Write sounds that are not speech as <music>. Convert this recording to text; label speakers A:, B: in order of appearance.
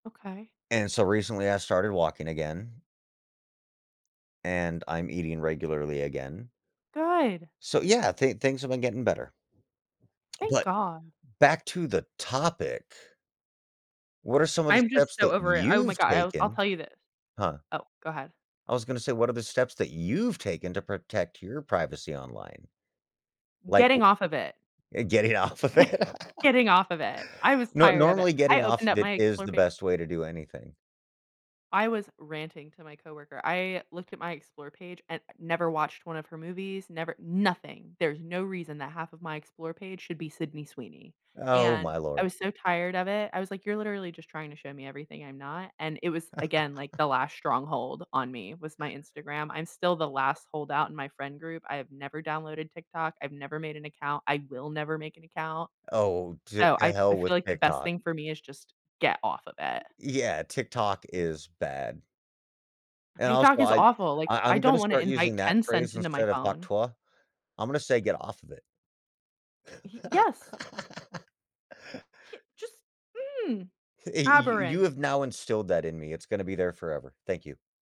A: Okay.
B: And so recently I started walking again. And I'm eating regularly again.
A: Good.
B: So, yeah, I thin things have been getting better.
A: Thank
B: But
A: God.
B: back to the topic. What are some of the
A: I'm just
B: steps
A: so
B: that
A: over it, oh my
B: you've
A: god, I'll I'll
B: taken?
A: tell you this.
B: Huh.
A: Oh, go ahead.
B: I was gonna say, what are the steps that you've taken to protect your privacy online? Like
A: Getting
B: w
A: off of it.
B: Getting off of it.
A: <chuckles> Getting off of it. I was
B: No
A: tired of it,
B: normally,
A: I
B: getting off
A: opened
B: of
A: up
B: it
A: my
B: is
A: Explorer
B: the
A: pa
B: best way to do anything.
A: I was ranting to my coworker. I looked at my Explorer page and never watched one of her movies, never nothing. There's no reason that half of my Explorer page should be Sydney Sweeney,
B: Oh
A: and
B: my
A: I
B: lord.
A: was so tired of it. I was like, "You're literally just trying to show me everything I'm not," and it was, again, like,
B: <laughs>
A: the last stronghold on me was my Instagram. I'm still the last holdout in my friend group. I have never downloaded TikTok, I've never made an account, I will never make an account.
B: Oh, to
A: So,
B: to
A: I I
B: hell
A: feel
B: with
A: like the best
B: TikTok.
A: thing for me is just get off of it.
B: Yeah, TikTok is bad. And
A: TikTok
B: also
A: is
B: I
A: awful, like,
B: I
A: I
B: I'm
A: don't
B: gonna
A: wanna
B: start
A: invite
B: using that
A: Tencent
B: phrase
A: into my
B: instead of Hawk
A: phone.
B: Tuah. I'm gonna say get off of it.
A: He Yes.
B: <chuckles>
A: Get just mm,
B: <chuckles> Eh y y you
A: aberrant.
B: have now instilled that in me, it's gonna be there forever. Thank you.